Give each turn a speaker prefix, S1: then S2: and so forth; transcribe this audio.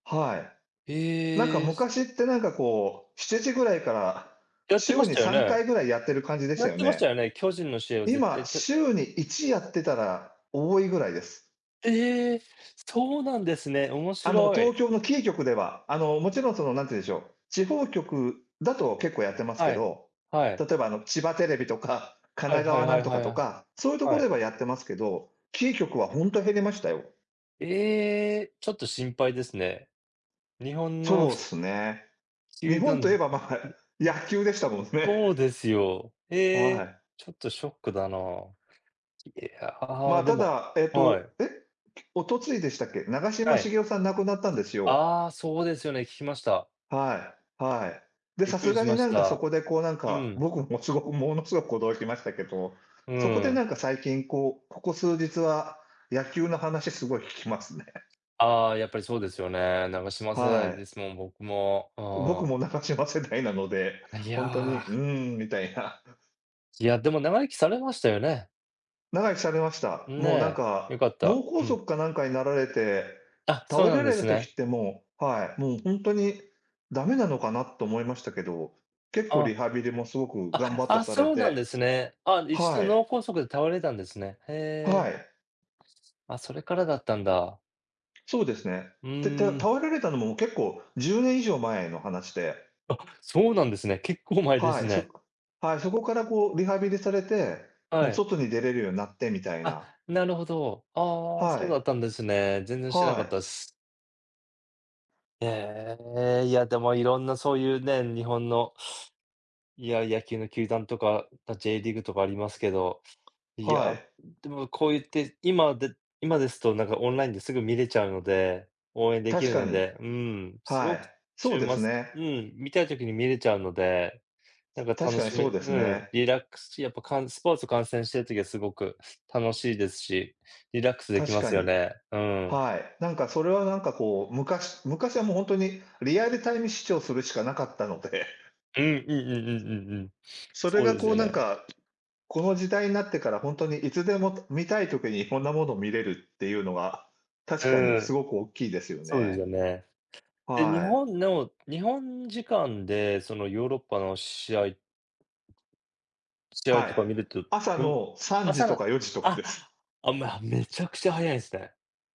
S1: はい。なんか
S2: へえ、
S1: 昔
S2: す
S1: ってなんかこう、7時ぐらいから、
S2: やってま
S1: 週
S2: し
S1: に
S2: たよ
S1: さん
S2: ね？
S1: かいぐらいやってる感じでし
S2: や
S1: た
S2: っ
S1: よ
S2: てまし
S1: ね？
S2: たよね？巨人の試合は絶
S1: 今、
S2: 対、く
S1: 週に1やってたら多いぐらいです。
S2: ええ！すそうなんですね？面
S1: あの、
S2: 白
S1: 東
S2: い。
S1: 京のキー局では。あの、もちろんその、なんてんでしょう、地方局だと結構やってますけ
S2: はい。
S1: ど、
S2: は
S1: 例
S2: い。
S1: えば、あの、千葉テレビとか神
S2: は
S1: 奈
S2: いはい
S1: 川な
S2: は
S1: ん
S2: い
S1: と
S2: は
S1: か
S2: い、
S1: と
S2: あ。
S1: か、そゆとこ
S2: は
S1: で
S2: い。
S1: はやってますけど、キー局はほんと減りましたよ。
S2: ええ！ちょっと心配ですね。日本の、
S1: そうっ
S2: し
S1: すね。日
S2: 球
S1: 本と言え
S2: 団
S1: ば、まあ、野球でしたもんね。
S2: そうですよ。え
S1: は
S2: え、
S1: い。
S2: ちょっとショックだな。い
S1: ま
S2: や、
S1: あ、
S2: で
S1: た
S2: も
S1: だ、えっ
S2: は
S1: と、
S2: い。
S1: え？おとついでしたっけ？長嶋
S2: は
S1: 茂
S2: い。
S1: 雄さん亡くなったんですよ。
S2: ああ、そうですよね、聞きました。
S1: はい、はい。で、
S2: びっ
S1: さ
S2: く
S1: す
S2: り
S1: が
S2: し
S1: に
S2: まし
S1: なんかそ
S2: た。
S1: こでこうなん
S2: う
S1: か、
S2: ん。
S1: 僕、も、凄く、ものすごく驚きましたけど、
S2: う
S1: そこで
S2: ーん。
S1: なんか最近こう、ここ数日は野球の話すごい聞きますね。
S2: ああ、やっぱりそうですよね、長嶋世
S1: は
S2: 代で
S1: い。
S2: すもん、僕も、う
S1: 僕
S2: ん。
S1: も長嶋世代なので、
S2: い
S1: ほ
S2: や、
S1: んとに、う
S2: あ。
S1: ーん、みたいな。
S2: いや、でも長生きされましたよね。
S1: 長生きされました。
S2: ん、
S1: もう、なん
S2: ね、良
S1: か、
S2: かっ
S1: 脳
S2: た、
S1: 梗
S2: うん。
S1: 塞かなんかになられて
S2: あ、そ
S1: 倒
S2: う
S1: れ
S2: な
S1: ら
S2: んで
S1: れた
S2: す
S1: 時
S2: ね。
S1: って、もう、はい、もう、ほんとに駄目なのかなと思いましたけど、結構リ
S2: あ。
S1: ハビリもすごく
S2: あ
S1: 頑
S2: れ、
S1: 張って
S2: あ、
S1: され
S2: そうなん
S1: て。
S2: ですね。あ、1度
S1: はい。
S2: 脳梗塞で倒れたんですね、へ
S1: は
S2: え。
S1: い。
S2: あ、それからだったんだ。
S1: そうですね。
S2: う
S1: で、た
S2: ーん。
S1: 倒られたのも結構、10年以上前の話で
S2: あ、そうなんですね。結構前で
S1: は
S2: す
S1: い、そ
S2: ね。
S1: こはい、そこからこうリハビリされて、も、
S2: はい。
S1: 外に出れるようになってみたい
S2: あ、
S1: な。
S2: なるほど。ああ、
S1: は
S2: そうだ
S1: い。
S2: ったんですね。全然知らな
S1: は
S2: かった
S1: い。
S2: っす。へえ、いや、でも色んなそうゆうね、日本の、いや、野球の球団とか、た、J リーグとかありますけど、い
S1: は
S2: や、
S1: い。
S2: でもこうゆって、今で今ですとなんかオンラインですぐ見れちゃうので、応援でき
S1: 確
S2: る
S1: か
S2: の
S1: に。
S2: で、うーん、す
S1: は
S2: ごく、
S1: い、
S2: ち
S1: そ
S2: ゅ
S1: う
S2: う
S1: で
S2: ま
S1: す
S2: つ
S1: ね。
S2: うん、見たい時に見れちゃうので、なんか
S1: 確
S2: 楽
S1: かに
S2: し
S1: そう
S2: め、
S1: で
S2: う
S1: す
S2: ん、
S1: ね。
S2: リラックスしやっぱ、かんスポーツ観戦してる時はすごく楽しいですし、リラックスでき
S1: 確
S2: ま
S1: か
S2: すよ
S1: に。
S2: ね、うん。
S1: はい。なんかそれはなんかこう、昔昔はもうほんとにリアルタイム視聴するしかなかったので
S2: うん、うんうんうんうんうん。
S1: それ
S2: そう
S1: が
S2: でず
S1: こ
S2: よ
S1: うなん
S2: ね。
S1: か、この時代になってからほんとにいつでも、て見たい時にこんなもの見れるってゆうのは、
S2: う
S1: 確かに
S2: ー
S1: す
S2: ん。
S1: ごくおっきいですよ
S2: そうでず
S1: ね。
S2: よね。で、日
S1: はい。
S2: 本の日本時間でそのヨーロッパの試合試合
S1: はい。
S2: とか見ると、
S1: 朝
S2: よん
S1: の3時
S2: 朝
S1: と
S2: だ
S1: か4時とか
S2: あ
S1: です。
S2: あ、まあ、めちゃくちゃ早いんすね。